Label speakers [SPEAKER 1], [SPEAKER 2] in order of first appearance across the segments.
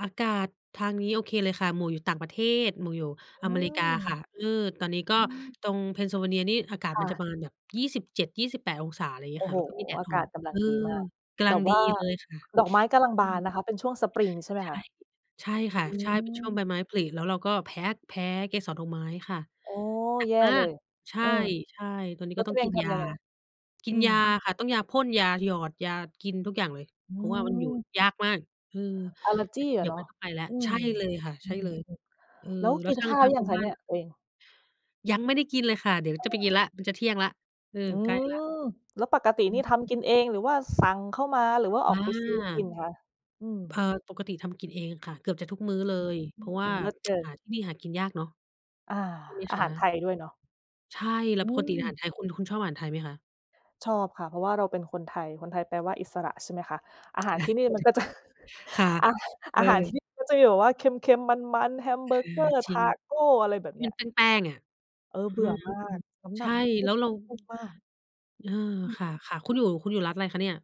[SPEAKER 1] อากาศทางนี้โอเคเลยค่ะ หมวกอยู่ต่างประเทศ หมวกอยู่
[SPEAKER 2] อื
[SPEAKER 1] อเมริ
[SPEAKER 2] ม
[SPEAKER 1] กาค่ะ เออ ตอนนี้ก
[SPEAKER 2] อื
[SPEAKER 1] ็
[SPEAKER 2] ม
[SPEAKER 1] ตรง Pennsylvania นี่อากาศ
[SPEAKER 2] ค
[SPEAKER 1] ม
[SPEAKER 2] ่
[SPEAKER 1] ันจ
[SPEAKER 2] ะ
[SPEAKER 1] ะประมาณแบบ 27-28°C อะไรอย่างเง
[SPEAKER 2] โ
[SPEAKER 1] ี
[SPEAKER 2] อ
[SPEAKER 1] ้ย
[SPEAKER 2] ้
[SPEAKER 1] ค
[SPEAKER 2] โ
[SPEAKER 1] ่ะ
[SPEAKER 2] ฮ
[SPEAKER 1] แล้วก็มีแดด
[SPEAKER 2] อา
[SPEAKER 1] ออ
[SPEAKER 2] ก
[SPEAKER 1] ก
[SPEAKER 2] าศกำลั
[SPEAKER 1] เอ
[SPEAKER 2] ง
[SPEAKER 1] อ
[SPEAKER 2] ดีมาก
[SPEAKER 1] กำ
[SPEAKER 2] แ
[SPEAKER 1] ล
[SPEAKER 2] บ
[SPEAKER 1] ัง
[SPEAKER 2] บว
[SPEAKER 1] ดี
[SPEAKER 2] ่า
[SPEAKER 1] เลยค่ะ
[SPEAKER 2] ดอกไม้กำลัง
[SPEAKER 1] อ
[SPEAKER 2] บ
[SPEAKER 1] ื
[SPEAKER 2] านน
[SPEAKER 1] ม
[SPEAKER 2] ะคะ เป็นช่วงสปริงใช่ไหม
[SPEAKER 1] ใช
[SPEAKER 2] ค
[SPEAKER 1] ่
[SPEAKER 2] ะ?
[SPEAKER 1] ใช่ค
[SPEAKER 2] อื
[SPEAKER 1] ่ะ ใช่เป็นช่วงใบ
[SPEAKER 2] ม
[SPEAKER 1] ไม้ผลิ แล้วเราก็แพ้ แพ้เกสรดอกไม้ค่ะ
[SPEAKER 2] โอ้
[SPEAKER 1] หนั
[SPEAKER 2] แ
[SPEAKER 1] ก
[SPEAKER 2] ย่
[SPEAKER 1] มา
[SPEAKER 2] เล
[SPEAKER 1] ก
[SPEAKER 2] ย
[SPEAKER 1] ใช
[SPEAKER 2] เ
[SPEAKER 1] ่
[SPEAKER 2] ออ
[SPEAKER 1] ใช่ ตอนนี้
[SPEAKER 2] แล้ว
[SPEAKER 1] ก็
[SPEAKER 2] ต
[SPEAKER 1] ต
[SPEAKER 2] ั
[SPEAKER 1] ้อ
[SPEAKER 2] ว
[SPEAKER 1] ง
[SPEAKER 2] เอ
[SPEAKER 1] ก
[SPEAKER 2] ง
[SPEAKER 1] ิน
[SPEAKER 2] ท
[SPEAKER 1] ย
[SPEAKER 2] ำย
[SPEAKER 1] า
[SPEAKER 2] ังไง?
[SPEAKER 1] กิ
[SPEAKER 2] อื
[SPEAKER 1] นยา
[SPEAKER 2] ม
[SPEAKER 1] ค่ะ ต้องยาพ่น ยาหยอด ยากินทุกอย่างเลย
[SPEAKER 2] อื
[SPEAKER 1] เพราะว่ามันอยู่
[SPEAKER 2] ม
[SPEAKER 1] ยากมาก เออ
[SPEAKER 2] Allergy อ
[SPEAKER 1] เด
[SPEAKER 2] ะ
[SPEAKER 1] ี๋ย
[SPEAKER 2] เ
[SPEAKER 1] ว
[SPEAKER 2] นาะ
[SPEAKER 1] ต้องไปแล้ว
[SPEAKER 2] อื
[SPEAKER 1] ใช
[SPEAKER 2] ม
[SPEAKER 1] ่เลยค่ะ
[SPEAKER 2] อ
[SPEAKER 1] ใ
[SPEAKER 2] ื
[SPEAKER 1] ช่
[SPEAKER 2] ม
[SPEAKER 1] เลย เออ
[SPEAKER 2] ๆ แล้ว
[SPEAKER 1] แล
[SPEAKER 2] ก
[SPEAKER 1] ้
[SPEAKER 2] ิ
[SPEAKER 1] ว
[SPEAKER 2] น
[SPEAKER 1] ทา
[SPEAKER 2] ข
[SPEAKER 1] ง
[SPEAKER 2] ้าว
[SPEAKER 1] ท
[SPEAKER 2] ห
[SPEAKER 1] า
[SPEAKER 2] รื
[SPEAKER 1] ง
[SPEAKER 2] อย
[SPEAKER 1] ค
[SPEAKER 2] ั
[SPEAKER 1] ุ
[SPEAKER 2] ง
[SPEAKER 1] ณ
[SPEAKER 2] ค
[SPEAKER 1] บ
[SPEAKER 2] ะ
[SPEAKER 1] ้า
[SPEAKER 2] เน
[SPEAKER 1] น
[SPEAKER 2] ี่ย
[SPEAKER 1] น่ะ
[SPEAKER 2] ตัวเอง?
[SPEAKER 1] ยังไม่ได้กินเลยค่ะ เดี๋ยว
[SPEAKER 2] อ้า
[SPEAKER 1] จ
[SPEAKER 2] ว
[SPEAKER 1] ะ
[SPEAKER 2] เห
[SPEAKER 1] ไ
[SPEAKER 2] ร
[SPEAKER 1] ปกิน
[SPEAKER 2] อ?
[SPEAKER 1] แล้ว มันจะเที่ยงแล้ว เออ
[SPEAKER 2] อื
[SPEAKER 1] ใกล้แล้
[SPEAKER 2] ม
[SPEAKER 1] ว
[SPEAKER 2] แล้วปกติ
[SPEAKER 1] อ
[SPEAKER 2] นี่
[SPEAKER 1] ื
[SPEAKER 2] ทำก
[SPEAKER 1] ม
[SPEAKER 2] ินเอง หรือว่าสั่งเข้ามา หรือว่าอ
[SPEAKER 1] อ
[SPEAKER 2] อ
[SPEAKER 1] า
[SPEAKER 2] กไปซื้อกินคะ? อื
[SPEAKER 1] เอ
[SPEAKER 2] ม
[SPEAKER 1] อ ปกติทำกินเองค่ะ เกือบจะทุกมื้อเลย
[SPEAKER 2] อ
[SPEAKER 1] เ
[SPEAKER 2] ื
[SPEAKER 1] พรา
[SPEAKER 2] ม
[SPEAKER 1] ะว่า
[SPEAKER 2] เลิศเกิ
[SPEAKER 1] หา
[SPEAKER 2] น
[SPEAKER 1] ที่นี่หากินยากเนาะ
[SPEAKER 2] อา
[SPEAKER 1] ใช่ไหม
[SPEAKER 2] อา
[SPEAKER 1] ค
[SPEAKER 2] ห
[SPEAKER 1] ะ?
[SPEAKER 2] ารไทยด้วยเนาะ
[SPEAKER 1] ใช่ แล
[SPEAKER 2] อ
[SPEAKER 1] ้ว
[SPEAKER 2] ื
[SPEAKER 1] ปกติอาหาร
[SPEAKER 2] ม
[SPEAKER 1] ไทย คุณ คุณชอบอาหารไทยไหมคะ?
[SPEAKER 2] ชอบค่ะ เพราะว่าเราเป็นคนไทย คนไทยแปลว่าอิสระ ใช่ไหมคะ อาหารที่นี่มันก็จะ
[SPEAKER 1] [unintelligible] ค่ะ
[SPEAKER 2] อา
[SPEAKER 1] เ
[SPEAKER 2] อ
[SPEAKER 1] อ
[SPEAKER 2] าหารที่
[SPEAKER 1] อ
[SPEAKER 2] นี่มันก็จะมีแบบว่าเค็ม ๆ มัน ๆ แฮมเบ
[SPEAKER 1] ค
[SPEAKER 2] อร์
[SPEAKER 1] ่ะ
[SPEAKER 2] เกอร์
[SPEAKER 1] จ
[SPEAKER 2] ต
[SPEAKER 1] ริ
[SPEAKER 2] า
[SPEAKER 1] ง
[SPEAKER 2] โก อะไรแบบ
[SPEAKER 1] ท
[SPEAKER 2] เ
[SPEAKER 1] ี
[SPEAKER 2] นี
[SPEAKER 1] ่
[SPEAKER 2] ้ย
[SPEAKER 1] เป็นแป้ง ๆ เนี่ย
[SPEAKER 2] เออ
[SPEAKER 1] อื
[SPEAKER 2] เบื่อ
[SPEAKER 1] ม
[SPEAKER 2] มาก น้ำห
[SPEAKER 1] ใช
[SPEAKER 2] นั
[SPEAKER 1] ่
[SPEAKER 2] กขึ้
[SPEAKER 1] แล
[SPEAKER 2] น
[SPEAKER 1] ้วเ
[SPEAKER 2] แ
[SPEAKER 1] ร
[SPEAKER 2] บ
[SPEAKER 1] า
[SPEAKER 2] บพุ่งมาก
[SPEAKER 1] เออ
[SPEAKER 2] อืม
[SPEAKER 1] ค่ะ ค่ะ คุณอยู่ คุณอยู่รัฐอะไรคะเนี่ย?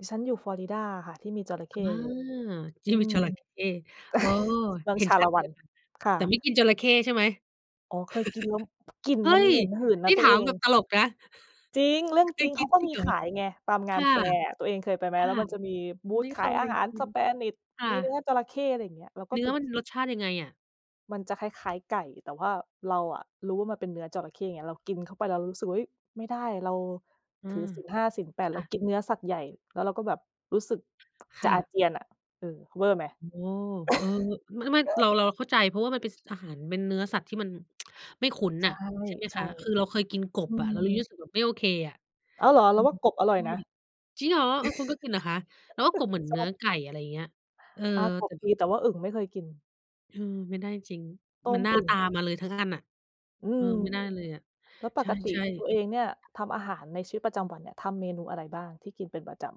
[SPEAKER 2] ดิฉันอยู่ Florida ค่ะ ที่มีจระเข
[SPEAKER 1] อา
[SPEAKER 2] ้เยอะ
[SPEAKER 1] ท
[SPEAKER 2] ๆ
[SPEAKER 1] ี
[SPEAKER 2] อ
[SPEAKER 1] ่
[SPEAKER 2] ื
[SPEAKER 1] มี
[SPEAKER 2] ม
[SPEAKER 1] จระเข้ โอ้!
[SPEAKER 2] เมือง
[SPEAKER 1] เห็
[SPEAKER 2] ช
[SPEAKER 1] น
[SPEAKER 2] า
[SPEAKER 1] ช
[SPEAKER 2] ล
[SPEAKER 1] ั
[SPEAKER 2] ะ
[SPEAKER 1] ด
[SPEAKER 2] ว
[SPEAKER 1] เ
[SPEAKER 2] ั
[SPEAKER 1] ล
[SPEAKER 2] น
[SPEAKER 1] ยค่ะ
[SPEAKER 2] ค่
[SPEAKER 1] แต่
[SPEAKER 2] ะ
[SPEAKER 1] ไม่กินจระเข้ใช่ไหม?
[SPEAKER 2] อ๋อ เคยกินแล้ว กลิ่น
[SPEAKER 1] เฮ้
[SPEAKER 2] มัน
[SPEAKER 1] ย
[SPEAKER 2] เหม็นหืนน
[SPEAKER 1] น
[SPEAKER 2] ะ
[SPEAKER 1] ี่
[SPEAKER 2] ตั
[SPEAKER 1] ถ
[SPEAKER 2] ว
[SPEAKER 1] า
[SPEAKER 2] เอ
[SPEAKER 1] มแ
[SPEAKER 2] ง
[SPEAKER 1] บบตลกนะ
[SPEAKER 2] จริง เรื่อง
[SPEAKER 1] เค
[SPEAKER 2] จริ
[SPEAKER 1] ย
[SPEAKER 2] ง เ
[SPEAKER 1] ก
[SPEAKER 2] ข
[SPEAKER 1] ิ
[SPEAKER 2] า
[SPEAKER 1] น
[SPEAKER 2] ก็
[SPEAKER 1] จริ
[SPEAKER 2] มี
[SPEAKER 1] งเหร
[SPEAKER 2] ข
[SPEAKER 1] อ?
[SPEAKER 2] ายไง ตามง
[SPEAKER 1] ค
[SPEAKER 2] าน
[SPEAKER 1] ่ะ
[SPEAKER 2] แฟร์อะ ตัวเองเคยไปไหม?
[SPEAKER 1] ค
[SPEAKER 2] แ
[SPEAKER 1] ่
[SPEAKER 2] ล้
[SPEAKER 1] ะ
[SPEAKER 2] วมันจะมีบู
[SPEAKER 1] ไ
[SPEAKER 2] ท
[SPEAKER 1] ม่
[SPEAKER 2] ข
[SPEAKER 1] เ
[SPEAKER 2] า
[SPEAKER 1] ค
[SPEAKER 2] ยอา
[SPEAKER 1] ย
[SPEAKER 2] หาร
[SPEAKER 1] อืม
[SPEAKER 2] Spanish
[SPEAKER 1] ค่
[SPEAKER 2] มีเนื้
[SPEAKER 1] ะ
[SPEAKER 2] อจระเข้ อะไรอย่างเงี้ย แล้วก็
[SPEAKER 1] เนื้
[SPEAKER 2] ค
[SPEAKER 1] อ
[SPEAKER 2] ือ
[SPEAKER 1] มันรสชาติยังไงอะ?
[SPEAKER 2] มันจะ คล้าย ๆ ไก่ แต่ว่าเราอะรู้ว่า มันเป็นเนื้อจระเข้ไง เรากินเข้าไปแล้วรู้สึกว่า เฮ้ย ไม่ได้ เรา
[SPEAKER 1] อื
[SPEAKER 2] ถือ
[SPEAKER 1] ม
[SPEAKER 2] ศีล 5 ศีล 8
[SPEAKER 1] ค
[SPEAKER 2] เร
[SPEAKER 1] ่
[SPEAKER 2] า
[SPEAKER 1] ะ
[SPEAKER 2] กินเนื้อสัตว์ใหญ่ แล้วเราก็แบบรู้สึก
[SPEAKER 1] ค
[SPEAKER 2] จะ
[SPEAKER 1] ่
[SPEAKER 2] อา
[SPEAKER 1] ะ
[SPEAKER 2] เจียนอะ เออ เวอร์ไหม?
[SPEAKER 1] อ๋อ เออ ไม่ ๆ เรา เราเข้าใจ เพราะว่า มันเป็นอาหารเป็นเนื้อสัตว์ที่มัน ไม่คุ้น
[SPEAKER 2] ใช
[SPEAKER 1] น่ะ
[SPEAKER 2] ่
[SPEAKER 1] ใช่ไหม
[SPEAKER 2] ใช
[SPEAKER 1] ค
[SPEAKER 2] ่
[SPEAKER 1] ะ คือเราเคยกินก
[SPEAKER 2] อ
[SPEAKER 1] บ
[SPEAKER 2] ื
[SPEAKER 1] อะ เรายัง
[SPEAKER 2] ม
[SPEAKER 1] รู้สึกแบบไม่โอเคอะ
[SPEAKER 2] อ้าว เหรอ?
[SPEAKER 1] อ
[SPEAKER 2] เร
[SPEAKER 1] ื
[SPEAKER 2] าว่
[SPEAKER 1] ม
[SPEAKER 2] ากบอ
[SPEAKER 1] ใ
[SPEAKER 2] ร
[SPEAKER 1] ช
[SPEAKER 2] ่อย
[SPEAKER 1] ่
[SPEAKER 2] นะ
[SPEAKER 1] จริงเหรอ? เออ คุณก็กินเหรอคะ? แล้วก็กบเหมือน
[SPEAKER 2] ช
[SPEAKER 1] เน
[SPEAKER 2] อ
[SPEAKER 1] ื้อ
[SPEAKER 2] บ
[SPEAKER 1] ไก่ อะไรอย่างเงี้ย เออ
[SPEAKER 2] อา ก
[SPEAKER 1] แต
[SPEAKER 2] บ
[SPEAKER 1] ่
[SPEAKER 2] ดี แต่ว่าอึ่งไม่เคยกิน
[SPEAKER 1] เออ ไม่ได้จริง
[SPEAKER 2] ต้
[SPEAKER 1] ๆ มัน
[SPEAKER 2] ม
[SPEAKER 1] หน้า
[SPEAKER 2] อึ่ง
[SPEAKER 1] ตามาเลยทั้งอันน่ะ
[SPEAKER 2] อื
[SPEAKER 1] เออ
[SPEAKER 2] ม
[SPEAKER 1] ไม่ได้เลยอะ
[SPEAKER 2] แล้วป
[SPEAKER 1] ใ
[SPEAKER 2] กติ
[SPEAKER 1] ช่
[SPEAKER 2] ตัวเอง
[SPEAKER 1] ๆ
[SPEAKER 2] เนี่ยทำอาหารในชีวิตประจำวันเนี่ย ทำเมนูอะไรบ้าง ที่กินเป็นประจำ?